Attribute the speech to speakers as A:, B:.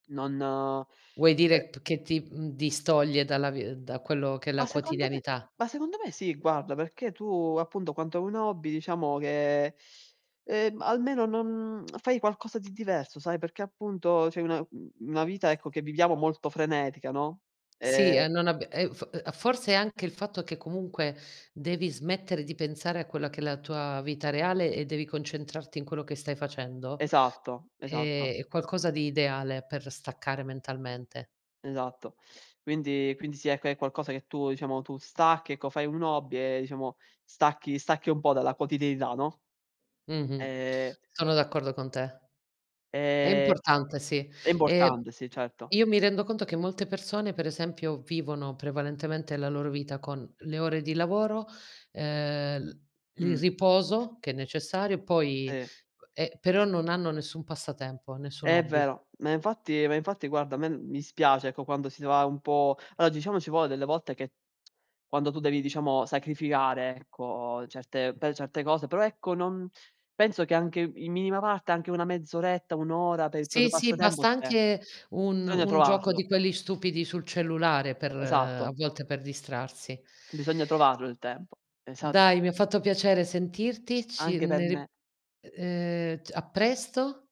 A: Non,
B: Vuoi
A: eh
B: dire p che ti, mhmm, distoglie dalla vi da quello che è
A: Ma
B: la
A: secondo me
B: quotidianità?
A: ma secondo me sì, guarda, perché tu appunto quando hai un hobby diciamo che, ehm, almeno non fai qualcosa di diverso, sai. Perché appunto c'hai una u una vita ecco che viviamo molto frenetica, no.
B: Sì, e
A: Ehm
B: non abbi e uhm, f uhm, forse è anche il fatto che comunque devi smettere di pensare a quella che è la tua vita reale e devi concentrarti in quello che stai facendo;
A: Esatto,
B: è
A: esatto.
B: è qualcosa di ideale per staccare mentalmente.
A: Esatto. Quindi quindi sì, ecco, è qualcosa che tu, diciamo, tu stacchi ecco, fai un hobby e diciamo stacchi stacchi un po' dalla quotidianità, no?
B: Mh-mh,
A: Ehm
B: sono d'accordo con te. È
A: Ehm,
B: importante, sì.
A: è
B: Ehm,
A: importante sì, certo.
B: io mi rendo conto che molte persone per esempio vivono prevalentemente la loro vita con le ore di lavoro, ehm, il il
A: Mh.
B: riposo, che è necessario poi
A: Sì.
B: uhm, eh, però non hanno nessun passatempo, nessun
A: È
B: hobby.
A: vero, ma infatti ma infatti guarda a me mi dispiace ecco quando si ne va un po' allora diciamo ci vuole delle volte che, quando tu devi diciamo sacrificare, ecco, certe per certe cose, però ecco non penso che anche i in minima parte anche una mezz'oretta, 1 ora per il proprio
B: Sì, sì,
A: passatempo
B: basta
A: c'è,
B: anche un
A: bisogna
B: un gioco
A: trovarlo.
B: di quelli stupidi sul cellulare per a
A: Esatto.
B: volte per distrarsi.
A: Bisogna trovarlo il tempo. Esa
B: Dai, mi ha fatto piacere sentirti. Ci
A: Anche per
B: ne ri
A: me.
B: ehm, t a presto.